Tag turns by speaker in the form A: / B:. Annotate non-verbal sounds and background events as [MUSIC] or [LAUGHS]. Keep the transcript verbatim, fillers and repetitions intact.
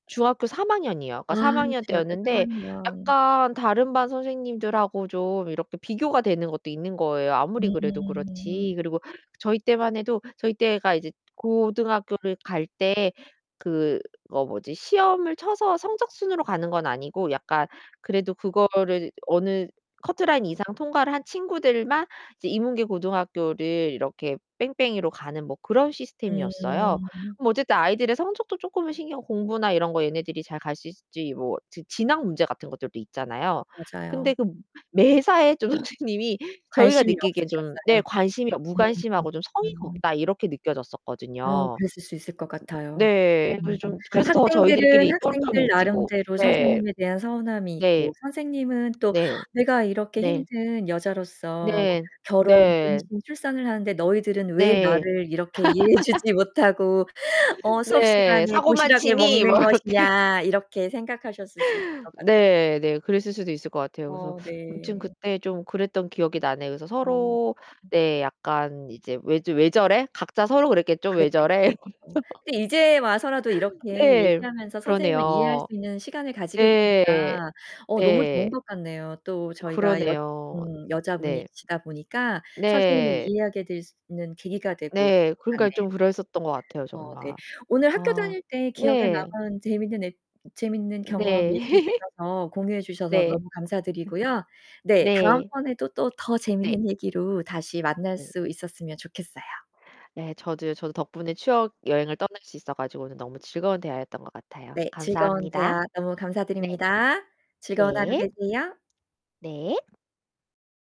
A: 중학교 삼 학년이요.
B: 아
A: 그니까 삼 학년
B: 중학교 삼
A: 때였는데
B: 학년.
A: 약간 다른 반 선생님들하고 좀 이렇게 비교가 되는 것도 있는 거예요. 아무리 그래도
B: 음.
A: 그렇지. 그리고 저희 때만 해도 저희 때가 이제 고등학교를 갈 때 그 어 뭐지 시험을 쳐서 성적순으로 가는 건 아니고 약간 그래도 그거를 이제 어느 커트라인 이상 통과를 한 친구들만 이제 인문계 고등학교를 이렇게 뺑뺑이로 가는 뭐 그런 시스템이었어요.
B: 음.
A: 뭐 어쨌든 아이들의 성적도 쪼끔은 신경 공부나 이런 거 얘네들이 잘 갈 수 있을지 뭐 지 진학 문제 같은 것들도 있잖아요. 근데
B: 맞아요.
A: 그 매사에 좀 선생님이 저희가
B: 관심이
A: 느끼기엔 좀 네
B: 없으셨어요?
A: 관심이 어
B: 음 음.
A: '무관심하고 좀 성의가
B: 음.
A: 없다.' 이렇게
B: 어
A: 느껴졌었거든요.
B: 그랬을 수 있을 것 같아요.
A: 네. 그래서
B: 음
A: 좀 그래서 더
B: 학생들은
A: 저희들끼리 똘똘
B: 학생들
A: 뭉치고.
B: 나름대로
A: 네.
B: 선생님에 대한 서운함이
A: 네.
B: 있고 선생님은 또
A: 네.
B: '내가 이렇게
A: 네.
B: 힘든 여자로서
A: 네.
B: 결혼,
A: 네.
B: 임신, 출산을 하는데 너희들은 왜
A: 네.
B: 나를 이렇게 이해해 주지
A: [LAUGHS]
B: 못하고 어 수업
A: 네.
B: 시간에
A: "사고만
B: 도시락을
A: 치니?" 뭐
B: 먹는
A: 이렇게.
B: 것이냐.' 이렇게 생각하셨을 수 있을 것 같아요.
A: 네 네. 그랬을 수도 있을 것 같아요. 그래서
B: 어
A: 아무튼
B: 네.
A: 그때 좀 그랬던 기억이 나네요. 그래서
B: 아 음.
A: 서로 네 약간 이제 '왜 즈 왜 저래?' 각자 서로 그랬겠죠? '왜
B: 그랬겠
A: 저래?' 뭐 이러면서.
B: 어. 근데 이제 와서라도 이렇게
A: 네.
B: 얘기하면서 선생님을 이해할 수
A: 그러네요.
B: 있는 시간을 가지게
A: 네.
B: 되니까 어 너무 좋은
A: 네.
B: 것 같네요. 또
A: 예.
B: 저희가 여
A: 그러네요.
B: 음
A: 네.
B: 여자분이시다 보니까 선생님을
A: 네.
B: 이해하게 될 수 있는 계기가 되고
A: 네.
B: [UNINTELLIGIBLE]
A: 그러니까
B: 같네요.
A: 좀 그랬었던 것 같아요
B: 어 네,
A: 정말.
B: 오늘 학교
A: 아
B: 다닐 때 기억에
A: 네.
B: 남은 재밌는 에 재밌는 경험 얘기해
A: 네. [LAUGHS]
B: 주셔서, 공유해 주셔서
A: 네.
B: 너무 감사드리고요. 네,
A: 네.
B: 다음번에도 또 더
A: 네.
B: 재밌는 얘기로 다시 만날
A: 네. 네.
B: 수 있었으면 좋겠어요.
A: 예. 저도요. 저도 덕분에 추억 여행을 떠날 수 있어 가지고 오늘 너무 즐거운 대화였던 것 같아요.
B: 네, 즐거운
A: 감사합니다.
B: 대화 너무
A: 네.
B: 감사드립니다. 즐거운 하루
A: 네.
B: 되세요.
A: 네.